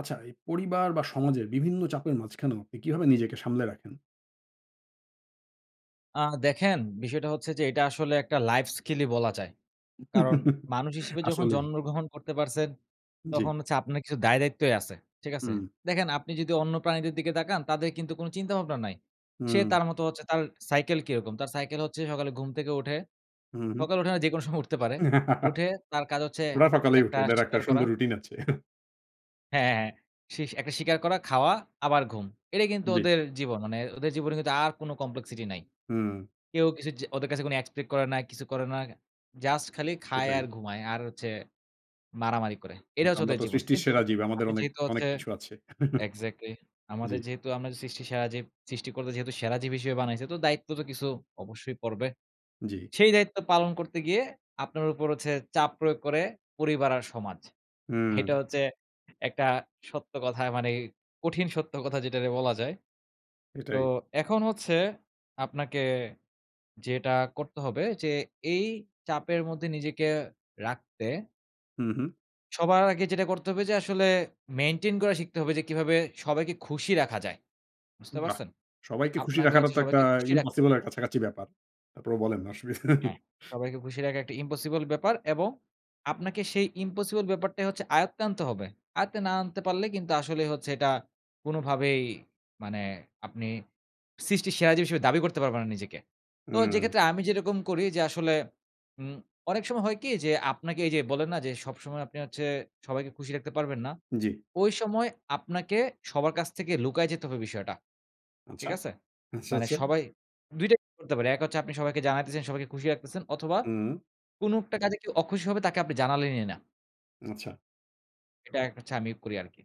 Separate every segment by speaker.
Speaker 1: আচ্ছা এই পরিবার বা সমাজের বিভিন্ন চাপের মাঝখানেও আপনি কিভাবে নিজেকে সামলে রাখেন?
Speaker 2: আ দেখেন বিষয়টা হচ্ছে যে এটা আসলে একটা লাইফ স্কিল ই বলা যায়। কারণ মানুষ হিসেবে যখন
Speaker 1: আসলেই।
Speaker 2: জন্মগ্রহণ করতে পারছেন,
Speaker 1: জ্বি।
Speaker 2: তখন হচ্ছে আপনার কিছু দায় দায়িত্বই আছে, ঠিক আছে?
Speaker 1: হুম।
Speaker 2: দেখেন আপনি যদি অন্য প্রাণীদের দিকে তাকান, তাদের কিন্তু কোন চিন্তাভাবনা নাই। সে
Speaker 1: হুম।
Speaker 2: তার মতো হচ্ছে তার সাইকেল কিরকম? তার সাইকেল হচ্ছে সকালে ঘুম থেকে উঠে।
Speaker 1: হুম।
Speaker 2: সকালে উঠে না যেকোনো সময় উঠতে পারে। উঠে তার কাজ হচ্ছে
Speaker 1: ওরা সকালেই
Speaker 2: একটা
Speaker 1: উঠে। ওদের একটা
Speaker 2: শিকার করা।
Speaker 1: সুন্দর রুটিন আছে।
Speaker 2: হ্যাঁ। হ্যাঁ, হ্যাঁ। শিস একটা শিকার করা, খাওয়া আবার ঘুম। এটাই কিন্তু
Speaker 1: জ্বি।
Speaker 2: ওদের জীবন। মানে ওদের জীবনে কিন্তু আর কোন complexity নাই।
Speaker 1: হুম।
Speaker 2: কেউ কিছ য ওদের কাছে কোনো expect করে না, কিছু করে না। জাস্ট খালি খায়
Speaker 1: এটাই।
Speaker 2: আর ঘুমায় আর হচ্ছে মারামারি করে।
Speaker 1: উম
Speaker 2: এটা হচ্ছে
Speaker 1: আমরা
Speaker 2: ওদের
Speaker 1: তো
Speaker 2: জীবন।
Speaker 1: সৃষ্টির
Speaker 2: কিন্তু
Speaker 1: সেরা জীব। আমাদের
Speaker 2: আপনি
Speaker 1: অনেক
Speaker 2: যেহেতু
Speaker 1: অনেক
Speaker 2: হচ্ছে
Speaker 1: কিছু আছে।
Speaker 2: এক্সাক্টলি।
Speaker 1: জ্বি।
Speaker 2: আমাদের যেহেতু আমরা যে সৃষ্টি সেরা জীব। সৃষ্টিকর্তা যেহেতু সেরা জীব হিসেবে বানাইছে, তো দায়িত্ব তো কিছু অবশ্যই পড়বে।
Speaker 1: জ্বি।
Speaker 2: সেই দায়িত্ব পালন করতে গিয়ে আপনার উপর হচ্ছে চাপ প্রয়োগ করে পরিবার আর সমাজ। এইটা
Speaker 1: হুম।
Speaker 2: হচ্ছে একটা সত্য কথা মানে কঠিন সত্য কথা যেটারে বলা যায়। তো
Speaker 1: এটাই।
Speaker 2: এখন হচ্ছে আপনাকে যেটা করতে হবে যে এই চাপের মধ্যে নিজেকে রাখতে
Speaker 1: হুম, হুম।
Speaker 2: সবার আগে যেটা করতে হবে যে, আসলে মেইনটেইন করা শিখতে হবে যে, কীভাবে সবাইকে খুশি রাখা যায়? বুঝতে
Speaker 1: বাহ!
Speaker 2: পারছেন?
Speaker 1: সবাইকে খুশি
Speaker 2: আপনাকে
Speaker 1: রাখাটা
Speaker 2: হচ্ছে
Speaker 1: তো একটা
Speaker 2: সবাইকে খুশি রাখতে
Speaker 1: ইম্পসিবল
Speaker 2: হবে।
Speaker 1: এর কাছাকাছি ব্যাপার। তারপরও বলেন
Speaker 2: হ্যাঁ,
Speaker 1: অসুবিধা
Speaker 2: সবাইকে খুশি রাখা একটা ইম্পসিবল ব্যাপার। এবং আপনাকে সেই ইম্পসিবল ব্যাপারটাই হচ্ছে আয়ত্তে আনতে হবে। আয়ত্তে না আনতে পারলে কিন্তু আসলেই হচ্ছে এটা কোনোভাবেই মানে আপনি সৃষ্টির সেরা জীব হিসাবে দাবি করতে পারবেন না নিজেকে। তো
Speaker 1: হুম।
Speaker 2: যেক্ষেত্রে আমি যেরকম করি যে আসলে উম অনেক সময় হয় কী? যে আপনাকে এই যে বলেন না যে, "সবসময় আপনি হচ্ছে সবাইকে খুশি রাখতে পারবেন না।"
Speaker 1: জি।
Speaker 2: ঐ সময় আপনাকে সবার কাছ থেকে লুকায় যেতে হবে বিষয়টা,
Speaker 1: আচ্ছা।
Speaker 2: ঠিক আছে?
Speaker 1: আচ্ছা,
Speaker 2: মানে
Speaker 1: আচ্ছা।
Speaker 2: সবাই ২ টাইপ করতে পারে। এক হচ্ছে আপনি সবাইকে জানাইতেছেন, সবাইকে খুশি রাখতেছেন অথবা
Speaker 1: হুম।
Speaker 2: কোনো একটা কাজে কেউ অখুশি হবে তাকে আপনি জানালেনই না।
Speaker 1: আচ্ছা।
Speaker 2: এটা এক হচ্ছে আমি করি আরকি।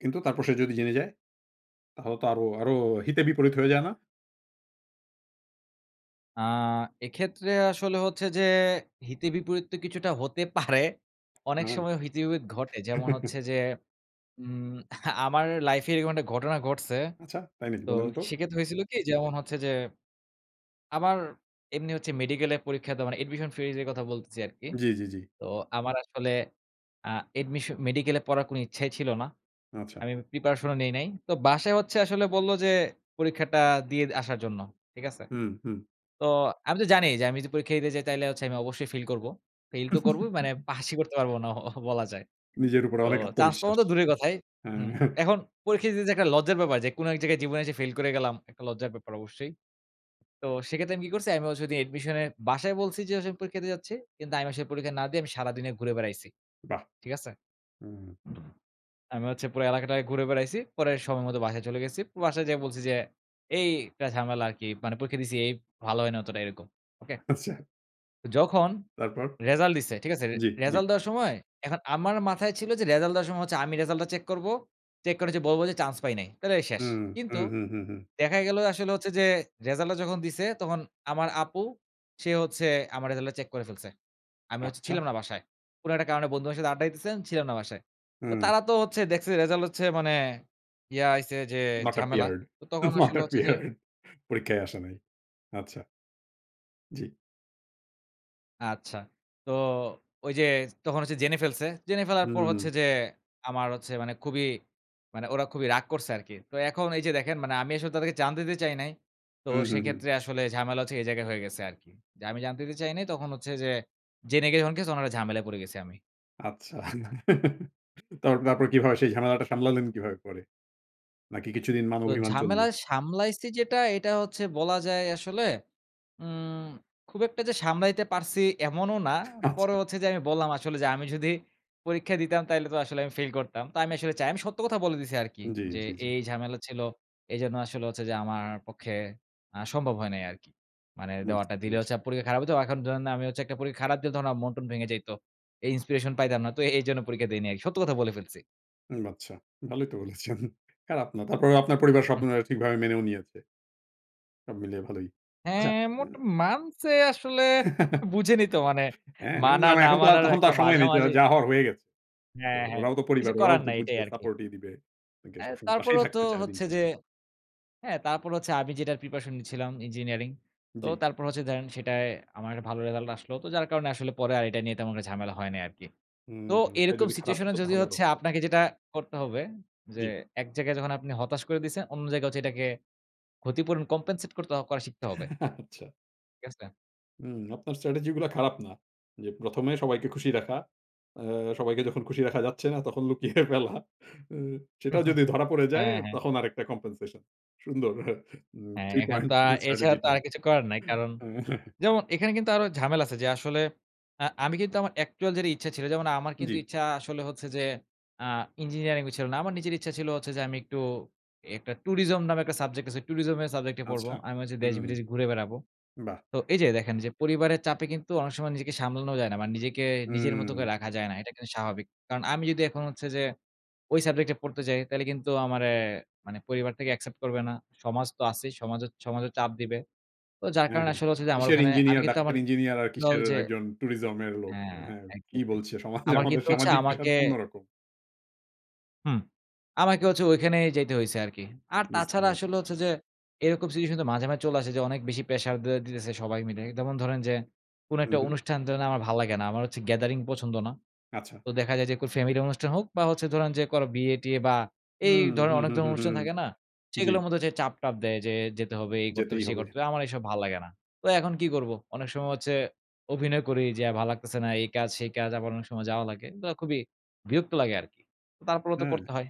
Speaker 1: কিন্তু তারপর সে যদি জেনে যায়? তাহলে তো আরো আরো হিতে বিপরীত হয়ে যায় না?
Speaker 2: আ এক্ষেত্রে আসলে হচ্ছে যে হিতে বিপরীত তো কিছুটা হতে পারে। অনেক
Speaker 1: উম-হুম।
Speaker 2: সময় হিতে বিপরীত ঘটে। যেমন হচ্ছে যে উম আমার লাইফে এরকম একটা ঘটনা ঘটছে।
Speaker 1: আচ্ছা, তাই নাকি
Speaker 2: তো
Speaker 1: বলেন তো?
Speaker 2: সেক্ষেত্রে হইছিল কী? যেমন হচ্ছে যে আমার এমনি হচ্ছে মেডিকেলে পরীক্ষা দেওয়া মানে admission phrase এর কথা বলতেছি আরকি।
Speaker 1: জি, জি, জি।
Speaker 2: তো আমার আসলে আ অ্যাডমিশ মেডিকেলে পড়ার কোনো ইচ্ছাই ছিল না।
Speaker 1: আচ্ছা।
Speaker 2: আমি প্রিপারেশনও নেই নাই। তো বাসায় হচ্ছে আসলে বললো যে, "পরীক্ষাটা দিয়ে দ আসার জন্য" ঠিক আছে?
Speaker 1: হুম, হুম।
Speaker 2: তো আমি তো জানি যে, আমি যদি পরীক্ষা দিতে যাই তাহলে হচ্ছে আমি অবশ্যই ফেইল করবো। ফেইল তো করবোই, মানে পাসই করতে পারবো না অহ বলা যায়।
Speaker 1: নিজের উপরে
Speaker 2: তো
Speaker 1: অনেক
Speaker 2: চান্স পাওয়া
Speaker 1: আত্মবিশ্বাস।
Speaker 2: তো দূরের কথাই হুম,
Speaker 1: হ্যাঁ।
Speaker 2: এখন পরীক্ষা দিতে যে একটা লজ্জার ব্যাপার যে কোনো এক জায়গায় জীবনে এসে ফেইল করে গেলাম, একটা লজ্জার ব্যাপার অবশ্যই। তো সেক্ষেত্রে আমি কী করছি? আমিও সেদিন অ্যাডমিশনে বাসায় বলছি যে, "আস আমি পরীক্ষাতে যাচ্ছি।" কিন্তু আমি আসলে পরীক্ষা না দিয়ে আমি সারাদিনে ঘুরে বেড়াইছি।
Speaker 1: বাহ!
Speaker 2: ঠিক আছে?
Speaker 1: হুম।
Speaker 2: আমি হচ্ছে পুরো এলাকাটায় ঘুরে বেড়াইছি, পরে সময় মতো বাসায় চলে গেছি। বাসায় যেয়ে বলছি যে, "এই একটা ঝামেলা আরকী, মানে পরীক্ষা দিছি এই ভালো হয় না অতটা এরকম।" ওকে?
Speaker 1: আচ্ছা।
Speaker 2: তো যখন
Speaker 1: তারপর?
Speaker 2: রেজাল্ট দিছে, ঠিক আছে? রে
Speaker 1: জি, জি।
Speaker 2: রেজাল্ট দেওয়ার সময়, এখন আমার মাথায় ছিল যে রেজাল্ট দেওয়ার সময় হচ্ছে আমি রেজাল্টটা চেক করবো, চেক করে যে বলবো যে, "চান্স পাই নাই।" তাইলেই শেষ।
Speaker 1: হুম।
Speaker 2: কিন্তু
Speaker 1: হুম, হুম, হুম, হুম।
Speaker 2: দেখা গেলো আসলে হচ্ছে যে রেজাল্টটা যখন দিছে তখন আমার আপু, সে হচ্ছে আমার রেজাল্টটা চেক করে ফেলছে, আমি হচ্ছে ছিলাম
Speaker 1: আচ্ছা।
Speaker 2: না বাসায়। কোনো একটা কারণে বন্ধুদের সাথে আড্ডা দিতেছেন, ছিলাম না বাসায়। তো
Speaker 1: হুম।
Speaker 2: তারা তো হচ্ছে দেখছে রেজাল্ট হচ্ছে মানে ইয়া আসছে যে
Speaker 1: Not
Speaker 2: ঝামেলা,
Speaker 1: appeared,
Speaker 2: তো তখন
Speaker 1: not
Speaker 2: আসলে হচ্ছে যে
Speaker 1: appeared পরীক্ষায় আসে নাই। আচ্ছা। জি।
Speaker 2: আচ্ছা। তো ঐ যে তখন হচ্ছে জেনে ফেলসে। জেনে ফেলার পর হচ্ছে
Speaker 1: হুম।
Speaker 2: যে, আমার হচ্ছে মানে খুবই মানে ওরা খুবই রাগ করসে আরকি। তো এখন এই যে দেখেন আমি আসলে তাদেরকে জানতে দিতে চাই নাই। তো
Speaker 1: হুম, হুম,
Speaker 2: সেই
Speaker 1: হুম।
Speaker 2: ক্ষেত্রে আসলে ঝামেলা হচ্ছে এই জায়গায় হয়ে গেসে আরকি। যে আমি জানতে দিতে চাই নাই, তখন হচ্ছে যে জেনে গিয়ে যখন গেসে তখন আরও ঝামেলায় পড়ে গেছি আমি।
Speaker 1: আচ্ছা। তারপর কীভাবে, সেই ঝামেলাটা সামলালেন কীভাবে পরে? নাকি কিছুদিন মান
Speaker 2: তো
Speaker 1: অভিমান চললো?
Speaker 2: ঝামেলায় সামলাইসি যেটা, এইটা হচ্ছে বলা যায় আসলে, উম খুব একটা যে সামলাইতে পারসি এমনও না। পরে
Speaker 1: আচ্ছা।
Speaker 2: হচ্ছে যে আমি বললাম আসলে যে, "আমি যদি পরীক্ষা দিতাম, তাইলে তো আসলে আমি ফেইল করতাম।" তো আমি আসলে চাই। আমি সত্য কথা বলে দিসি আরকি
Speaker 1: জি,
Speaker 2: যে,
Speaker 1: জি, জি।
Speaker 2: "এই, এই ঝামেলা ছিল, এই জন্য আসলে হচ্ছে যে আমার পক্ষে আ সম্ভব হয় নাই আরকি। মানে
Speaker 1: বুঝতে
Speaker 2: দেওয়াটা, দিলে
Speaker 1: পেরেছি।
Speaker 2: হচ্ছে পরীক্ষা খারাপ হইতো। এখন ধরেন, আমি হচ্ছে একটা পরীক্ষা খারাপ দিলে তখন আমার মন টন ভেঙে যাইত। এই inspiration পাইতাম না। তো এই জন্য পরীক্ষা দেই নাই।" সত্য কথা বলে ফেলসি।
Speaker 1: উম আচ্ছা। ভালোই তো বলেছেন। আর আপনার, তারপরে আপনার পরিবার সব
Speaker 2: হুম।
Speaker 1: মানে ঠিকভাবে মেনেও নিয়েছে। সব মিলিয়ে ভালোই। আচ্ছা,
Speaker 2: হ্যাঁ, মোট
Speaker 1: উম
Speaker 2: মানসে আসলে। বুঝেনই তো মানে,
Speaker 1: হ্যাঁ,
Speaker 2: মানা
Speaker 1: না, না।
Speaker 2: না
Speaker 1: এখন তো আর
Speaker 2: মানার
Speaker 1: তখন তো
Speaker 2: একটা
Speaker 1: আর সময় নেই। যা,
Speaker 2: মাঝামাঝি।
Speaker 1: যা হওয়ার হয়ে গেছে। তো
Speaker 2: হ্যাঁ, হ্যাঁ।
Speaker 1: ওরাও তো পরিবার,
Speaker 2: কিছু
Speaker 1: ওরাও
Speaker 2: করার
Speaker 1: তো
Speaker 2: নাই।
Speaker 1: বুঝে
Speaker 2: এটাই আরকি।
Speaker 1: সাপোর্টই দিবে। [unintelligible]
Speaker 2: অ্যা
Speaker 1: সবসময় পাশেই
Speaker 2: তারপরেও তো
Speaker 1: থাকতে চায় দিন
Speaker 2: হচ্ছে যে
Speaker 1: শেষে।
Speaker 2: হ্যাঁ, তারপর হচ্ছে আমি যেটার preparation নিচ্ছিলাম, ইঞ্জিনিয়ারিং, তো
Speaker 1: জি।
Speaker 2: তারপর হচ্ছে ধরেন সেটায় আমার একটা ভালো রেজাল্ট আসলো, তো যার কারণে আসলে পরে আর এটা নিয়ে তেমন একটা ঝামেলা হয় নাই আরকি।
Speaker 1: হুম,
Speaker 2: তো
Speaker 1: হুম। এটা
Speaker 2: এরকম
Speaker 1: যদি খারাপ
Speaker 2: situation এ
Speaker 1: হতো,
Speaker 2: যদি
Speaker 1: তাহলে আরও
Speaker 2: হচ্ছে
Speaker 1: হতো।
Speaker 2: আপনাকে যেটা করতে হবে, যে
Speaker 1: জি।
Speaker 2: এক জায়গায় যখন আপনি হতাশ করে দিসেন, অন্য জায়গায় হচ্ছে এটাকে ক্ষতিপূরণ, compensate করতে করা শিখতে হবে।
Speaker 1: আচ্ছা।
Speaker 2: ঠিক আছে?
Speaker 1: হু। আপনার স্ট্র্যাটেজি গুলা খারাপ না। যে ১ম এ সবাইকে খুশি রাখা, অ সবাইকে যখন খুশি রাখা যাচ্ছে না তখন লুকিয়ে ফেলা। সেটাও যদি ধরা পড়ে যায়
Speaker 2: হ্যাঁ, হ্যাঁ।
Speaker 1: তখন আরেকটা কমপেনসেশন। সুন্দর উম
Speaker 2: হ্যাঁ,
Speaker 1: থ্রি
Speaker 2: এখান
Speaker 1: পয়েন্ট
Speaker 2: কা এছাড়া
Speaker 1: স্ট্র্যাটেজি
Speaker 2: তো আর
Speaker 1: [unintelligible]
Speaker 2: কিছু করার নাই কারণ
Speaker 1: হ্যাঁ।
Speaker 2: যেমন এখানে কিন্তু আরো ঝামেলা আছে, যে আসলে অ্যা আমি কিন্তু আমার actual যেটা ইচ্ছা ছিল। যেমন আমার কিন্তু
Speaker 1: জি।
Speaker 2: ইচ্ছা আসলে হচ্ছে যে আ ইঞ্জিনিয়ারিং ছিল না। আমার নিজের ইচ্ছা ছিল হচ্ছে যে আমি একটু একটা tourism নামে একটা subject আছে। tourism এর subject নিয়ে পড়বো।
Speaker 1: আচ্ছা।
Speaker 2: আমি হচ্ছে
Speaker 1: উম।
Speaker 2: দেশ-বিদেশ ঘুরে বেড়াবো।
Speaker 1: বাহ!
Speaker 2: তো এই যে দেখেন যে পরিবারের চাপে কিন্তু অনেক সময় নিজেকে সামলানো যায় না। মানে নিজেকে নিজের মত
Speaker 1: হুম।
Speaker 2: করে রাখা যায় না। এটা কিন্তু স্বাভাবিক কারণ আমি যদি এখন হচ্ছে যে, ওই subject এ পড়তে চাই তাইলে কিন্তু আমারে মানে পরিবার থেকে accept করবে না। সমাজ তো আছেই, সমাজ সমাজে চাপ দিবে। তো যার
Speaker 1: হ্যাঁ,
Speaker 2: কারণে
Speaker 1: হ্যাঁ।
Speaker 2: আসলে হচ্ছে যে আমার
Speaker 1: কিসের
Speaker 2: ওখানে আমি
Speaker 1: ইঞ্জিনিয়ার,
Speaker 2: কিন্তু
Speaker 1: ডাক্তার,
Speaker 2: আমার
Speaker 1: ইঞ্জিনিয়ার আর
Speaker 2: অ্যাকচুয়াল
Speaker 1: কিসের
Speaker 2: যে
Speaker 1: একজন টুরিজম এর লোক?
Speaker 2: হ্যাঁ,
Speaker 1: হ্যাঁ। কি
Speaker 2: exactly,
Speaker 1: বলছে সমাজে?
Speaker 2: আমার
Speaker 1: আমাদের
Speaker 2: কিন্তু হচ্ছে
Speaker 1: সামাজিক প্রেশার
Speaker 2: আমাকে
Speaker 1: অন্য রকম।
Speaker 2: হুম। আমাকে হচ্ছে ঐখানেই যাইতে হইছে আরকি। আর
Speaker 1: বুঝতে
Speaker 2: তাছাড়া
Speaker 1: পেরেছি।
Speaker 2: আসলে হচ্ছে যে এরকম situation তো মাঝে, মাঝে চলে আসে যে অনেক বেশি প্রেশার দে দিতেছে সবাই মিলে। যেমন ধরেন যে কোনো
Speaker 1: হুম,
Speaker 2: একটা
Speaker 1: হুম।
Speaker 2: অনুষ্ঠান টান আমার ভাল লাগে না। আমার হচ্ছে gathering পছন্দ না।
Speaker 1: আচ্ছা।
Speaker 2: তো দেখা যায় যে কোন family অনুষ্ঠান হোক বা হচ্ছে ধরেন যে কারো বিয়ে-টিয়ে বা এই
Speaker 1: হুম,
Speaker 2: ধরনের
Speaker 1: হুম,
Speaker 2: অনেক
Speaker 1: হুম,
Speaker 2: ধরনের
Speaker 1: হুম,
Speaker 2: অনুষ্ঠান
Speaker 1: হুম।
Speaker 2: থাকে না?
Speaker 1: জি।
Speaker 2: সেগুলোর মধ্যে হচ্ছে চাপ-টাপ দেয় যে, "যেতে হবে, এই করতে
Speaker 1: যেতেই
Speaker 2: হবে, সেই
Speaker 1: হবে।
Speaker 2: করতে হবে।" আমার এসব ভাল লাগে না। তো এখন কি করব? অনেক সময় হচ্ছে অভিনয় করি যে, "ভাল লাগতেছে না, এই কাজ, সেই কাজ।" আবার অনেক সময় যাওয়া লাগে। বা খুবই বিরক্ত লাগে আরকি। তারপরেও তো
Speaker 1: হ্যাঁ।
Speaker 2: করতে হয়।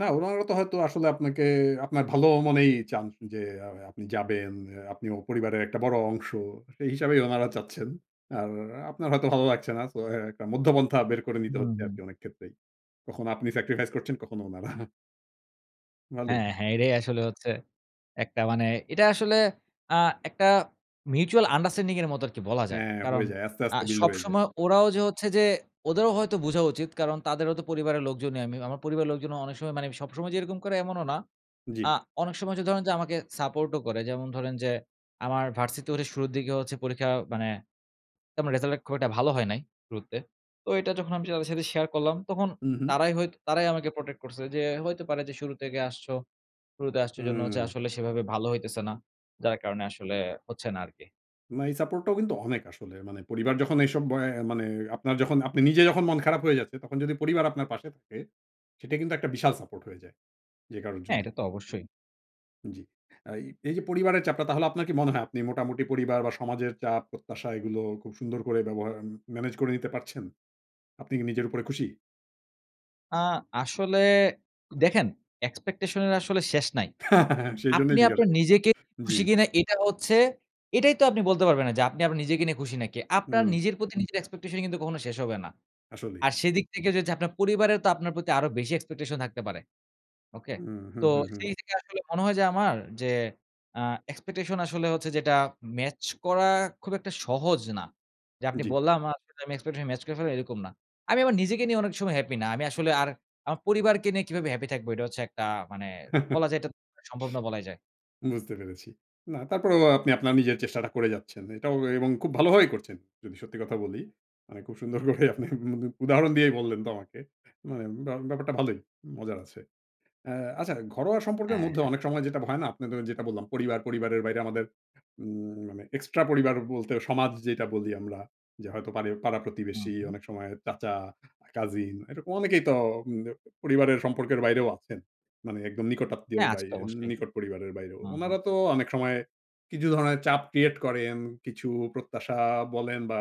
Speaker 1: না ওনারা তো হয়তো আসলে আপনাকে, আপনার ভালো মনেই চান যে আ আপনি যাবেন, আ আপনি পরিবারের একটা বড় অংশ, সেই হিসাবেই উনারা চাচ্ছেন। আর আপনার হয়তো ভালো লাগছে না। সো, হ্যাঁ একটা মধ্যপন্থা বের করে নিতে
Speaker 2: হুম,
Speaker 1: হচ্ছে
Speaker 2: হুম।
Speaker 1: আরকি অনেক ক্ষেত্রেই। কখনো আপনি sacrifice করছেন, কখনো ওনারা। ভালোই।
Speaker 2: হ্যাঁ, হ্যাঁ, এটাই আসলে হচ্ছে একটা মানে এটা আসলে আ একটা mutual understanding এর মতো আরকি বলা যায়।
Speaker 1: হ্যাঁ,
Speaker 2: কারণ
Speaker 1: হয়ে যায় আস্তে,
Speaker 2: আ
Speaker 1: আস্তে মিল হয়ে যায়।
Speaker 2: সবসময় ওরাও যে হচ্ছে যে, ওদেরও হয়তো বুঝা উচিত, কারণ তাদেরও তো পরিবারের লোকজনই আমি। আমার পরিবারের লোকজনও অনেক সময় মানে, সবসময় যে এরকম করে এমনও না। আ
Speaker 1: জি।
Speaker 2: অনেক সময় যে ধরেন যে আমাকে সাপোর্টও করে যেমন ধরেন যে, আমার ভার্সিটির শুরুর দিকে হচ্ছে পরীক্ষা মানে, আমার রেজাল্ট খুব একটা ভালো হয় নাই, শুরুতে, তো এটা যখন আমি তাদের সাথে শেয়ার করলাম তখন
Speaker 1: হুম, হুম।
Speaker 2: তারাই হয়ত তারাই আমাকে protect করছে যে, "হইতে পারে যে শুরু থেকে আসছ, শুরুতে আসছ, সে জন্য হচ্ছে
Speaker 1: হুম।
Speaker 2: আসলে সেভাবে ভালো হইতেছে না, যার কারণে আসলে হচ্ছে না আরকি।"
Speaker 1: না এই সাপোর্টটাও কিন্তু অনেক আসলে। মানে পরিবার যখন এইসব অ্যা মানে আপনার যখন, আপনি নিজে যখন মন খারাপ হয়ে যাচ্ছে, তখন যদি পরিবার আপনার পাশে থাকে, সেটা কিন্তু একটা বিশাল সাপোর্ট হয়ে যায়, যে কারোর
Speaker 2: হ্যাঁ, এটা
Speaker 1: জন্যই।
Speaker 2: তো অবশ্যই।
Speaker 1: জি। অ্যা এই এই যে পরিবারের চাপটা তাহলে আপনার কি মনে হয় আপনি মোটামুটি পরিবার বা সমাজের চাপ, প্রত্যাশা এগুলো খুব সুন্দর করে ব্যবহা উম ম্যানেজ করে নিতে পারছেন? আপনি কি নিজের উপরে খুশি?
Speaker 2: আ আসলে দেখেন expectation এর আসলে শেষ নাই। আপনি
Speaker 1: সেইজন্যই জিজ্ঞাসা
Speaker 2: আপনার
Speaker 1: করছি।
Speaker 2: নিজেকে নিয়ে
Speaker 1: জি।
Speaker 2: খুশি কিনা এটা হচ্ছে এটাই তো আপনি বলতে পারবেন না যে আপনি নিজেকে নিয়ে খুশি নাকি? আপনার
Speaker 1: হুম।
Speaker 2: নিজের প্রতি নিজের expectation ই কিন্তু কখনো শেষ হবে না।
Speaker 1: আসলেই।
Speaker 2: আর সেদিক থেকে যে হচ্ছে আপনার পরিবারেও তো আপনার প্রতি আরো বেশি expectation থাকতে পারে, ওকে?
Speaker 1: হুম, হুম,
Speaker 2: তো
Speaker 1: হুম, হুম।
Speaker 2: সেই থেকে আসলে মনে হয় যে আমার যে আ expectation আসলে হচ্ছে যেটা ম্যাচ করা খুব একটা সহজ না। যে আপনি
Speaker 1: জি।
Speaker 2: বললাম আর আসলে আমি expectation ম্যাচ করে ফেললাম এরকম না। আমি আমার নিজেকে নিয়ে অনেক সময় হ্যাপি না। আমি আসলে আর আমার পরিবারকে নিয়ে কিভাবে হ্যাপি থাকবো? এটা হচ্ছে একটা মানে বলা যায় এটা সম্ভব না বলাই যায়।
Speaker 1: বুঝতে পেরেছি। না তারপরেও ও আপনি আপনার নিজের চেষ্টাটা করে যাচ্ছেন। এটাও এ এবং খুব ভালোভাবেই করছেন। যদি সত্যি কথা বলি। মানে খুব সুন্দর করেই
Speaker 2: হু,
Speaker 1: আপনি
Speaker 2: হু।
Speaker 1: উম উদ উদাহরণ দিয়েই বললেন তো আমাকে। মানে উম ব্যা ব্যাপারটা ভালোই, মজার আছে। অ্যা আচ্ছা ঘরোয়া সম্পর্কের
Speaker 2: হ্যাঁ,
Speaker 1: মধ্যে
Speaker 2: হ্যাঁ।
Speaker 1: অনেক সময় যেটা হয় না? আপনাদের যেটা বললাম পরিবার, পরিবারের বাইরে আমাদের উম মানে এক্সট্রা পরিবার বলতে সমাজ যেইটা বলি আমরা। যে হয়তো পারি
Speaker 2: হুম,
Speaker 1: পাড়া-প্রতিবেশী
Speaker 2: হুম।
Speaker 1: অনেক সময় চাচা, কাজিন এরকম অনেকেই তো উম ব পরিবারের সম্পর্কের বাইরেও আছেন। মানে একদম নিকট আত্মীয়র
Speaker 2: হ্যাঁ আছে
Speaker 1: বাইর
Speaker 2: তো অবশ্যই।
Speaker 1: নিকট পরিবারের বাইরেও।
Speaker 2: হুম, হুম।
Speaker 1: উনারা তো অনেক সময় কিছু ধরনের চাপ ক্রিয়েট করেন। কিছু প্রত্যাশা বলেন বা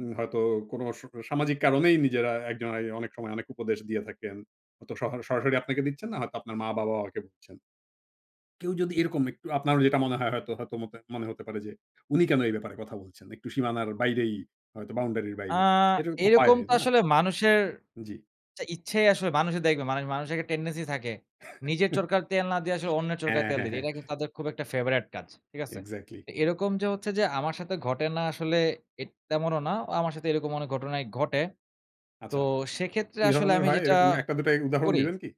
Speaker 1: উম হয়তো কোন স সামাজিক কারণেই নিজেরা একজন আ অনেক সময় অনেক উপদেশ দিয়ে থাকেন। হয়তো সহার সরাসরি আপনাকে দিচ্ছেন না হয়তো আপনার মা-বাবা ও কে দিচ্ছেন। কেউ যদি এরকম একটু আপনার যেটা মনে হয় হয়তো হয়তো মতে মনে হতে পারে যে উনি কেন এই ব্যাপারে কথা বলছেন? একটু সীমানার বাইরেই হয়তো বাউন্ডারির
Speaker 2: আ
Speaker 1: বাইরে। এরকম হয়
Speaker 2: এইরকম
Speaker 1: এ
Speaker 2: তো
Speaker 1: না?
Speaker 2: আসলে মানুষের
Speaker 1: জি।
Speaker 2: চা ইচ্ছাই আসলে মানুষই দেখবে। মানে মানুষের একটা টেনডেন্সি থাকে। নিজের চরকার তেল না দিয়া আসলে অন্যের চরকায়
Speaker 1: হ্যাঁ,
Speaker 2: তেল
Speaker 1: হ্যাঁ,
Speaker 2: দিতে।
Speaker 1: হ্যাঁ।
Speaker 2: এটা কিন্তু তাদের খুব একটা ফেভারেট কাজ, ঠিক আছে?
Speaker 1: exactly
Speaker 2: তো এরকম যে হচ্ছে যে আমার সাথে ঘটে না আসলে এট তেমনও না। ও আমার সাথে এরকম অনেক ঘটনাই ঘটে। তো
Speaker 1: আচ্ছা।
Speaker 2: সেক্ষেত্রে
Speaker 1: কি
Speaker 2: আসলে
Speaker 1: ধরনের
Speaker 2: আমি
Speaker 1: হয়?
Speaker 2: যেটা
Speaker 1: এরকম ১ টা ২ টা এ উদাহরণ
Speaker 2: করি
Speaker 1: দিবেন কি?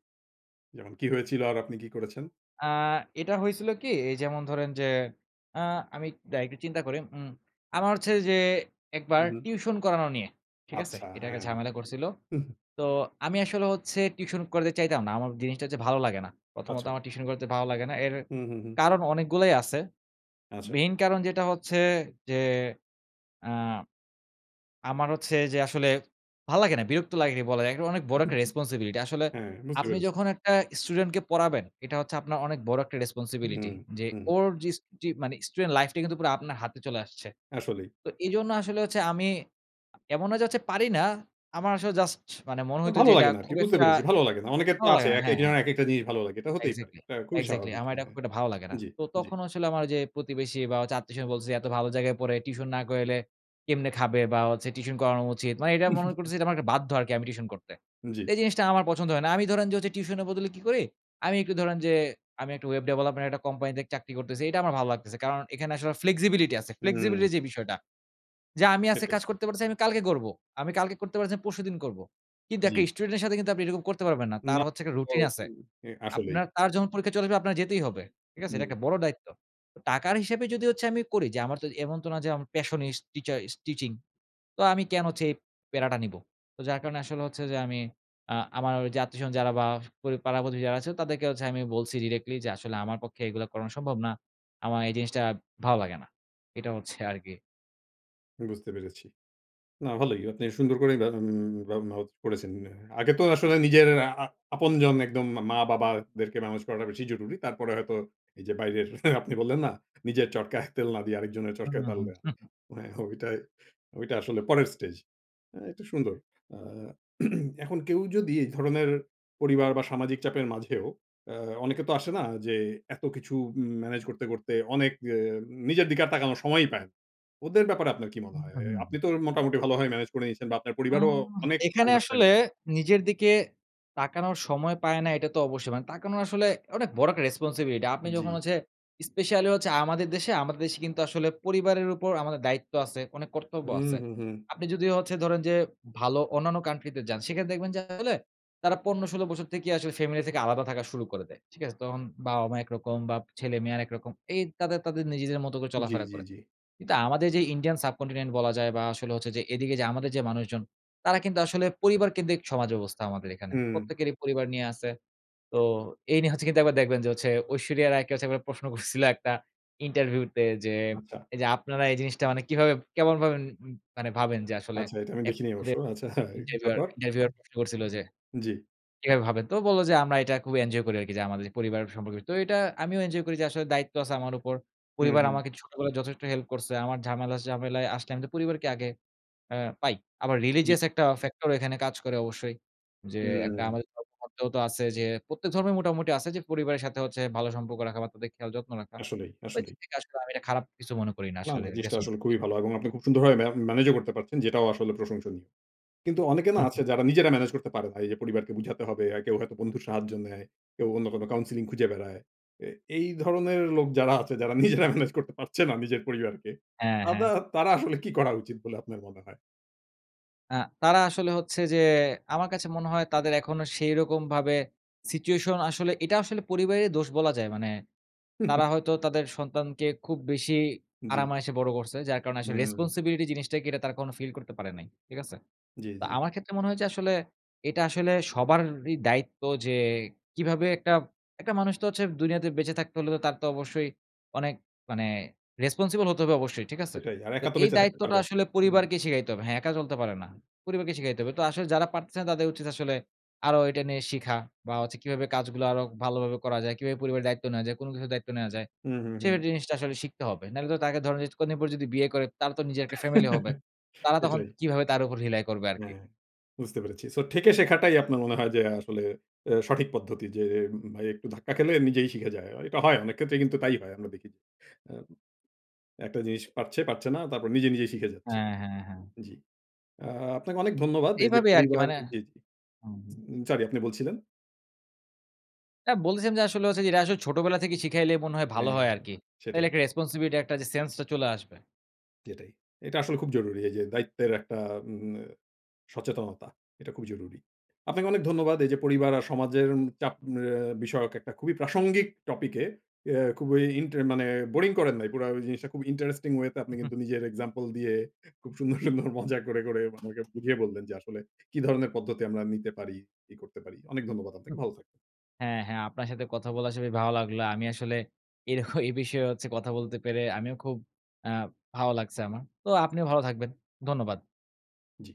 Speaker 1: যেমন কি হয়েছিল? আর আপনি কি করেছেন?
Speaker 2: আ এটা হয়েছিল কী এই যেমন ধরেন যে আ আমি এক দাড়ান একটু চিন্তা করি উম আমার হচ্ছে ঐযে
Speaker 1: হু,
Speaker 2: একবার
Speaker 1: হু।
Speaker 2: টিউশন করানো নিয়ে। ঠিক আছে?
Speaker 1: আচ্ছা,
Speaker 2: এটা একটা
Speaker 1: হ্যাঁ
Speaker 2: ঝামেলা করছিল। তো আমি আসলে হচ্ছে টিউশন করাতে চাইতাম না। আমার জিনিসটা হচ্ছে ভালো লাগে না। প্রথমত
Speaker 1: আচ্ছা।
Speaker 2: আমার টিউশন করাইতে ভালো লাগে না এর
Speaker 1: হু, হু, হু।
Speaker 2: কারণ অনেকগুলাই আছে।
Speaker 1: আচ্ছা।
Speaker 2: মেইন কারণ যেটা হচ্ছে যে আ আমার হচ্ছে যে আসলে ভাল লাগে না বিরক্ত লাগে ঠিক বলা যায় এটা অনেক বড় একটা রেসপনসিবিলিটি। আসলে
Speaker 1: হ্যাঁ, বুঝতে
Speaker 2: আপনি
Speaker 1: পেরেছি।
Speaker 2: যখন একটা স্টুডেন্ট কে পড়াবেন, এটা হচ্ছে আপনার অনেক বড় একটা
Speaker 1: হুম,
Speaker 2: রেসপনসিবিলিটি। যে
Speaker 1: হুম।
Speaker 2: ওর যিস যি মানে student life টাই কিন্তু পুরা আপনার হাতে চলে আসছে।
Speaker 1: আসলেই।
Speaker 2: তো এজন্য আসলে হচ্ছে আমি এমন না যে হচ্ছে পারি না। আমার আসলে জাস্ট মানে মনে
Speaker 1: না
Speaker 2: হইত
Speaker 1: ভালো
Speaker 2: যে এটা
Speaker 1: লাগে না আরকি
Speaker 2: খুব
Speaker 1: বুঝতে
Speaker 2: একটা
Speaker 1: পেরেছি ভালো লাগে না অনেকের তো
Speaker 2: ভালো
Speaker 1: আছে
Speaker 2: লাগে না
Speaker 1: একেক
Speaker 2: হ্যাঁ, হ্যাঁ।
Speaker 1: জনের একেকটা জিনিস ভালো লাগে এটা হতেই পারে।
Speaker 2: Exactly,
Speaker 1: এটা খুবই
Speaker 2: exactly
Speaker 1: স্বাভাবিক।
Speaker 2: আমার এইটা
Speaker 1: মানে,
Speaker 2: খুব একটা ভালো লাগে না।
Speaker 1: জি,
Speaker 2: তো
Speaker 1: জি।
Speaker 2: তখন আসলে আমার ঐযে প্রতিবেশী বা হচ্ছে আত্বীয়স্বজন বলতেছে, "এত ভালো জায়গায় পড়ে টিউশন না করাইলে কেমনে খাবে?" বা হচ্ছে টিউশন করানো উচিত। মানে এইটা মনে করছি এইটা আমার একটা বাধ্য আরকি আমি টিউশন করতে। তো
Speaker 1: জি।
Speaker 2: এই জিনিসটা আমার পছন্দ হয় না। আমি ধরেন যে টিউশনের বদলে কী করি? আমি একটু ধরেন যে আমি একটু ওয়েব ডেভেলপমেন্ট একটা কোম্পানিতে চাকরি করতেছি এটা আমার ভালো লাগতেছে। কারণ এখানে আসলে flexibility আছে
Speaker 1: হুম।
Speaker 2: flexibility র যে বিষয়টা। যে, "আমি আজকে
Speaker 1: সেটাই।
Speaker 2: কাজ করতে পারতেছি না আমি কালকে করব। আমি কালকে করতে পারছি না আমি পরশুদিন করবো।" কিন্তু একটা
Speaker 1: জি।
Speaker 2: স্টুডেন্ট এর সাথে কিন্তু আপনি এরকম করতে পারবেন না তার
Speaker 1: না
Speaker 2: হচ্ছে একটা
Speaker 1: ও
Speaker 2: রুটিন আছে।
Speaker 1: [unintelligible] আসলেই।
Speaker 2: আপনার তার যখন পরীক্ষা চলে আসবে আপনার যেতেই হবে। ঠিক আছে? এটা
Speaker 1: [unintelligible]
Speaker 2: একটা বড় দায়িত্ব। তো টাকার হিসাবে যদি হচ্ছে আমি করি যে আমার তো এমন তো না যে passionist টিচারিস্ট টিচিং। তো আমি কেন হচ্ছে এই প্যারাটা নিবো? তো যার কারণে আসলে হচ্ছে যে আমি আ আমার ওই যে আত্বীয়স্বজন যারা বা পড়ি পাড়া প্রতিবেশী যারা আছে তাদেরকে হচ্ছে আমি বলছি directly যে, "আসলে আমার পক্ষে এগুলা করানো সম্ভব না। আমার এই জিনিসটা ভালো লাগে না।" এটা হচ্ছে আরকি।
Speaker 1: বুঝতে পেরেছি। না, ভালোই। আপনি সুন্দর করেই মা বা [unintelligible] করেছেন। আ আগে তো আসলে নিজের আ আ আপনজন একদম মা মা-বাবাদেরকে ম্যানেজ করাটা বেশি জরুরি। তারপরে হয়তো এইযে বাইরের আপনি বললেন না, "নিজের চরকায় তেল না দিয়ে, আরেকজনের
Speaker 2: হু,
Speaker 1: চরকায় তাল
Speaker 2: হু।
Speaker 1: দেওয়া।" আ হো ওইটাই ওইটা আসলে পরের স্টেজ। আ তো সুন্দর। আ এখন কেউ যদি এই ধরনের পরিবার বা, সামাজিক চাপের মাঝেও এ অনেকে তো আসে না যে এত কিছু উম ম্যানেজ করতে, করতে অনেক এ নিজের দিকে আর তাকানোর সময়ই পায় না। ওদের ব্যাপারে আপনার কি মনে
Speaker 2: হু,
Speaker 1: হয়?
Speaker 2: হু,
Speaker 1: আ আপনি
Speaker 2: হুম।
Speaker 1: তো মোটামুটি ভালোভাবেই ম্যানেজ করে নিয়েছেন বা, আপনার পরিবারও
Speaker 2: হুম,
Speaker 1: অনেক
Speaker 2: এখানে আসলে
Speaker 1: understanding.
Speaker 2: নিজের দিকে তাকানোর সময় পায় না। এটা তো অবশ্যই, মানে তাকানোর আসলে অনেক বড় একটা রেসপনসিবিলিটি। আপনি যখন
Speaker 1: জ্বী।
Speaker 2: হচ্ছে স্পেশালি হচ্ছে আমাদের দেশে আমাদের দেশে কিন্তু আসলে পরিবারের উপর আমাদের দায়িত্ব আছে, অনেক কর্তব্য
Speaker 1: হুম,
Speaker 2: আছে।
Speaker 1: হুম, হুম।
Speaker 2: আপনি যদি হচ্ছে ধরেন যে, ভালো অন্যান্য country তে যান, সেখানে দেখবেন যে আসলে তারা ১৫- ১৬ বছর থেকেই আসলে ফ্যামিলি থেকে আলাদা থাকা শুরু করে দেয়। ঠিক আছে? তখন বাবা-মা একরকম বা, ছেলে-মেয়ে আরেকরকম। এই তাদের তাদের নিজেদের মতো করে
Speaker 1: জ্বী,
Speaker 2: চলাফেরা
Speaker 1: জ্বী,
Speaker 2: করে।
Speaker 1: জ্বী।
Speaker 2: কিন্তু আমাদের যে ইন্ডিয়ান subcontinent এ বলা যায় বা, আসলে হচ্ছে যে এদিকে যে আমাদের যে মানুষজন, তারা কিন্তু আসলে পরিবারকেন্দ্রিক সমাজ ব্যবস্থা আমাদের এখানে।
Speaker 1: হুম।
Speaker 2: প্রত্যেকেরই পরিবার নিয়া আছে। তো এই নিয়ে হচ্ছে কিন্তু একবার দেখবেন যে ঐশ্বরিয়া রায়কে হচ্ছে একবার প্রশ্ন করছিলো একটা ইন্টারভিউতে যে,
Speaker 1: আচ্ছা।
Speaker 2: "এইযে আপনারা এই জিনিসটা মানে কিভাবে, কেমন ভাবেন মানে ভাবেন যে আসলে?"
Speaker 1: আচ্ছা, এটা আমি
Speaker 2: এক
Speaker 1: দেখিনি অবশ্য।
Speaker 2: ওদের
Speaker 1: আচ্ছা,
Speaker 2: ইন্টারভিউয়ার,
Speaker 1: তারপর?
Speaker 2: ইন্টারভিউয়ার প্রশ্ন করছিল যে,
Speaker 1: জ্বী।
Speaker 2: "কিভাবে ভাবেন?" তো ও বলে যে, "আমরা এটা খুব এঞ্জয় করি আরকি যে, আমাদের যে পরিবার সম্পর্কে।" তো এটা আমিও এঞ্জয় করি যে, আসলে দায়িত্ব আছে আমার উপর।
Speaker 1: হুম,
Speaker 2: পরিবার
Speaker 1: হুম।
Speaker 2: আমাকে ছোটবেলায় যথেষ্ট হেল্প করছে। আমার ঝামেলা ঝামেলায় আসলে আমি তো পরিবারকে আগে এ পাই। আবার
Speaker 1: জ্বী।
Speaker 2: religious একটা ফ্যাক্টর এখানে কাজ করে অবশ্যই। যে একটা
Speaker 1: হুম।
Speaker 2: আমাদের ধর্মেগ্রন্থেও তো আছে যে, প্রত্যেক ধর্মে মোটামুটি আছে যে পরিবারের সাথে হচ্ছে ভালো সম্পর্ক রাখা বা, তাদের খেয়াল যত্ন রাখা।
Speaker 1: আসলেই,
Speaker 2: ওই
Speaker 1: আসলেই।
Speaker 2: দিক থেকে আসলে আমি এটা খারাপ কিছু মনে করি না
Speaker 1: না, না।
Speaker 2: আসলে
Speaker 1: জিনিসটা আসলে
Speaker 2: রেসপনসি
Speaker 1: খুবই ভালো এবং আপনি খুব সুন্দরভাবে মে ম্যানেজও করতে পারছেন, যেটাও আসলে প্রশংসনীয়। কিন্তু অনেকে না
Speaker 2: হুম, হুম।
Speaker 1: আছে যারা নিজেরা ম্যানেজ করতে পারে না। এইযে পরিবারকে বুঝাতে হবে, আর কেউ হয়তো বন্ধুর সাহায্য নেয়, কেউ অন্য কোনো counselling খুঁজে বেড়ায়। এ এই ধরনের লোক যারা আছে, যারা নিজেরা ম্যানেজ করতে পারছে না নিজের পরিবারকে,
Speaker 2: হ্যাঁ,
Speaker 1: তাদা
Speaker 2: হ্যাঁ।
Speaker 1: তারা আসলে কি করা উচিত বলে আপনার মনে হয়?
Speaker 2: আ তারা আসলে হচ্ছে যে আমার কাছে মনে হয় তাদের এখনো সেইরকম ভাবে situation আসলে এটা আসলে পরিবারের দোষ বলা যায়। মানে তারা হয়তো তাদের সন্তানকে খুব বেশি আরাম
Speaker 1: জি।
Speaker 2: আয়েশে বড় করছে। যার কারণে আসলে
Speaker 1: হুম।
Speaker 2: responsibility জিনিসটা কি, এটা তারা কখনো feel করতে পারে নাই, ঠিক আছে?
Speaker 1: জি,
Speaker 2: তা
Speaker 1: জি।
Speaker 2: আমার ক্ষেত্রে মনে হয়েছে আসলে, এটা আসলে সবারই দায়িত্ব যে, কিভাবে একটা একটা মানুষ তো হচ্ছে দুনিয়াতে বেঁচে থাকতে হলে তো তার তো অবশ্যই অনেক মানে responsible হতে হবে অবশ্যই, ঠিক আছে?
Speaker 1: সেটাই আর
Speaker 2: তো
Speaker 1: একা তো
Speaker 2: এই
Speaker 1: বেঁচে থাকতে
Speaker 2: দায়িত্বটা
Speaker 1: পারবেন
Speaker 2: আসলে
Speaker 1: হুম।
Speaker 2: পরিবারকে শিখাইতে হবে। হ্যাঁ একা চলতে পারে না। পরিবারকে শিখাইতে হবে, তো আসলে যারা পারতেছে না তাদের উচিত আসলে আরো এটা নিয়ে শিখা বা হচ্ছে কিভাবে কাজগুলো আরো ভালোভাবে করা যায়? কিভাবে পরিবারের দায়িত্ব নেয়া যায়? কোন কিছুর দায়িত্ব নেওয়া যায়?
Speaker 1: হুম, হুম, হুম।
Speaker 2: সের জিনিসটা আসলে শিখতে হবে। নাহলে তো তাকে ধরেন যে কদিন যদি বিয়ে করে, তার ও তো নিজের একটা family হবে। তারা তখন
Speaker 1: সেটাই।
Speaker 2: কিভাবে তার উপর rely করবে? আরকি?
Speaker 1: হ্যাঁ, বুঝতে পেরেছি। So, ঠেকে শেখাটাই আপনার মনে হয় যে আসলে এ সঠিক পদ্ধতি যে উম উম ভাই একটু ধাক্কা খেলে নিজেই শিখে যায়। অ এটা হয় অনেক ক্ষেত্রেই কিন্তু তাই হয়। আমরা দেখি। আম একটা জিনিস পারছে ,পারছে না তারপর নিজে, নিজেই শিখে যাচ্ছে।
Speaker 2: হ্যাঁ, হ্যাঁ, হ্যাঁ।
Speaker 1: জি, আপনাকে অনেক ধন্যবাদ এই যে
Speaker 2: এইভাবে আরকি
Speaker 1: পরিবার
Speaker 2: মানে
Speaker 1: জি, জি।
Speaker 2: হুম, হুম।
Speaker 1: উম Sorry আপনি বলছিলেন?
Speaker 2: অ্যা বলতেছিলাম যে আসলে হচ্ছে যে এটা আসলে ছোটবেলা থেকে শিখাইলেই মনে হয় ভালো
Speaker 1: হ্যাঁ,
Speaker 2: হয়
Speaker 1: হ্যাঁ
Speaker 2: আরকি।
Speaker 1: সেটাই।
Speaker 2: তাহলে একটা responsibility একটা যে sense টা চলে আসবে।
Speaker 1: সেটাই। এটা আসলে খুব জরুরি এই যে দায়িত্বের একটা উম উম আ সচেতনতা, এটা খুবই জরুরি। আপনাকে অনেক ধন্যবাদ এই যে পরিবার আর সমাজের উম চাপ আ বিষয়ক একটা খুবই প্রাসঙ্গিক topic এ খুবই ইনটার মানে boring করেন নাই। পুরা ঐ জিনিসটা খুব interesting way তে আপনি কিন্তু নিজের example দিয়ে খুব সুন্দর, সুন্দর মজা করে, করে আমাকে বুঝিয়ে বললেন যে আসলে কি ধরনের পদ্ধতি আমরা নিতে পারি? কি করতে পারি। অনেক ধন্যবাদ আপনাকে।
Speaker 2: উম-হুম।
Speaker 1: ভালো থাকবেন।
Speaker 2: হ্যাঁ, হ্যাঁ আপনার সাথে কথা বলে আসলেই ভালো লাগলো। আমি আসলে এরক এই বিষয়ে হচ্ছে কথা বলতে পেরে আমিও খুব অ্যা ভালো লাগছে আমার। তো আপনিও ভালো থাকবেন। ধন্যবাদ।
Speaker 1: জি।